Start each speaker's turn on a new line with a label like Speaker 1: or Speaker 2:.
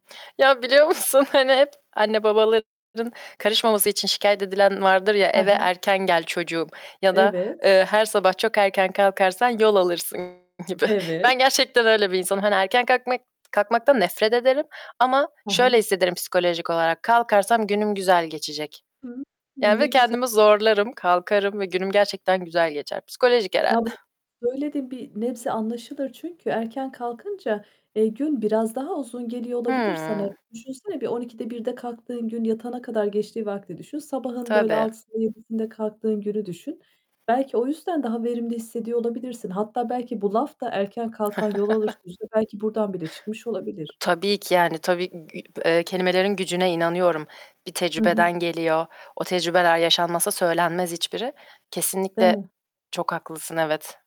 Speaker 1: Ya, biliyor musun, hani, hep anne babaların karışmaması için şikâyet edilen vardır ya,
Speaker 2: He
Speaker 1: "Eve
Speaker 2: he.
Speaker 1: erken gel çocuğum." ya da,
Speaker 2: Evet.
Speaker 1: eee, "Her sabah çok erken kalkarsan yol alırsın." gibi. Ben
Speaker 2: Evet.
Speaker 1: gerçekten öyle bir insanım. Hani, erken kalkmak kalkmaktan nefret ederim ama
Speaker 2: Hı
Speaker 1: şöyle
Speaker 2: hı.
Speaker 1: hissederim psikolojik olarak, kalkarsam günüm güzel geçecek.
Speaker 2: Hı hı.
Speaker 1: Yani ve
Speaker 2: Ne güzel.
Speaker 1: kendimi zorlarım, kalkarım ve günüm gerçekten güzel geçer. Psikolojik
Speaker 2: Ya,
Speaker 1: herhâlde.
Speaker 2: bu söylediğin bir nebze anlaşılır. Çünkü erken kalkınca, eee, gün biraz daha uzun geliyor olabilir sana.
Speaker 1: Hıı.
Speaker 2: Düşünsene bir 12'de 1'de kalktığın gün yatana kadar geçtiği vakti düşün. Sabahın böyle
Speaker 1: Tabii.
Speaker 2: 6'sında 7'sinde kalktığın günü düşün. Belki o yüzden daha verimli hissediyor olabilirsin. Hatta belki bu laf da, "Erken kalkan yol alır." sözü belki buradan bile çıkmış olabilir.
Speaker 1: Tabii ki yani tabii i ü eee, kelimelerin gücüne inanıyorum. Bir
Speaker 2: Hı hı.
Speaker 1: tecrübeden geliyor. O tecrübeler yaşanmasa söylenmez hiçbiri.
Speaker 2: Değil
Speaker 1: Kesinlikle
Speaker 2: mi?
Speaker 1: çok haklısın, evet.